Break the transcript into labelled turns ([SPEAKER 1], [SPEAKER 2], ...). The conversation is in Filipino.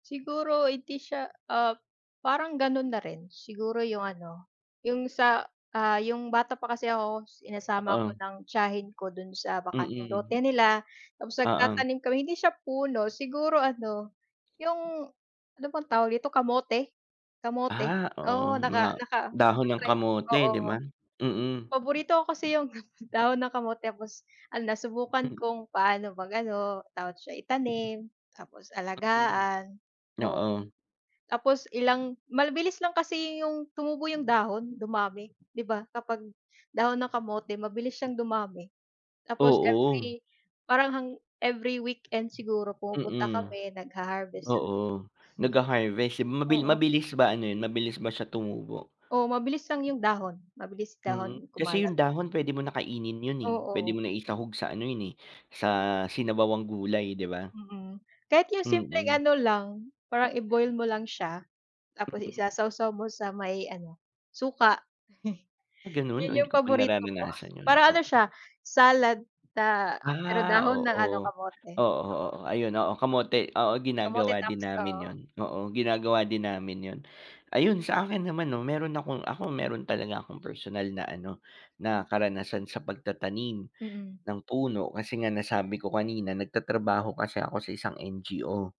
[SPEAKER 1] Siguro hindi siya ah, parang ganun na rin siguro 'yung ano, 'yung sa ah, 'yung bata pa kasi ako sinasama ako
[SPEAKER 2] Ah.
[SPEAKER 1] ng tiyahin ko dun sa bakanteng
[SPEAKER 2] Mm.
[SPEAKER 1] lote nila tapos
[SPEAKER 2] Ah ang
[SPEAKER 1] nagtatanim kami hindi siya puno siguro ano, yung ano bang tawag dito kamote kamote
[SPEAKER 2] Ah oo
[SPEAKER 1] oo,
[SPEAKER 2] nga,
[SPEAKER 1] naka naka
[SPEAKER 2] dahon ng
[SPEAKER 1] naka-try ako
[SPEAKER 2] kamote 'di
[SPEAKER 1] oo.
[SPEAKER 2] ba? Mm.
[SPEAKER 1] Paborito ko kasi 'yung dahon ng kamote tapos, ah, nasubukan
[SPEAKER 2] Hmm.
[SPEAKER 1] kong paano mag ano tawag siya itanim, tapos
[SPEAKER 2] Mm,
[SPEAKER 1] alagaan o
[SPEAKER 2] oo.
[SPEAKER 1] tapos ilang, mabilis lang kasi 'yung tumubo yung dahon dumami, di ba kapag dahon ng kamote mabilis siyang dumami. Tapos
[SPEAKER 2] Oo.
[SPEAKER 1] every parang hang every weekend siguro pumupunta
[SPEAKER 2] Mm,
[SPEAKER 1] kami nagha-harvest dun.
[SPEAKER 2] oo nagha-harvest, eh mabi
[SPEAKER 1] Oo
[SPEAKER 2] mabilis ba ano 'yun mabilis ba siya tumubo?
[SPEAKER 1] O mabilis lang yung dahon, mabilis
[SPEAKER 2] Mm,
[SPEAKER 1] dahon
[SPEAKER 2] kasi
[SPEAKER 1] kumalat.
[SPEAKER 2] 'yung dahon pwede mo na kainin yun eh, pwede
[SPEAKER 1] Oo.
[SPEAKER 2] mo na isahog sa ano yun eh sa sinabawang gulay 'di ba?
[SPEAKER 1] Mm, kahit 'yung simpleng
[SPEAKER 2] Mm.
[SPEAKER 1] ano lang, parang i-boil mo lang siya, tapos isa-sawsaw mo sa may ano, suka.
[SPEAKER 2] Ah ganun, o
[SPEAKER 1] 'Yun
[SPEAKER 2] hindi
[SPEAKER 1] yung
[SPEAKER 2] ko pa
[SPEAKER 1] paborito ko,
[SPEAKER 2] nararanasan 'yun
[SPEAKER 1] parang ano
[SPEAKER 2] oo.
[SPEAKER 1] siya salad sa pero
[SPEAKER 2] Ah
[SPEAKER 1] dahon ng ano
[SPEAKER 2] oo,
[SPEAKER 1] kamote,
[SPEAKER 2] oo,
[SPEAKER 1] oo.
[SPEAKER 2] oo, ayun oo, kamote oo
[SPEAKER 1] Kamote
[SPEAKER 2] ginagawa din
[SPEAKER 1] tops
[SPEAKER 2] namin
[SPEAKER 1] oo.
[SPEAKER 2] 'yun oo ginagawa din namin y'un, ayun sa akin naman 'no meron akong ako meron talaga akong personal na ano na karanasan sa pagtatanim
[SPEAKER 1] Mm.
[SPEAKER 2] ng puno kasi nga nasabi ko kanina nagtatrabaho kasi ako sa isang NGO.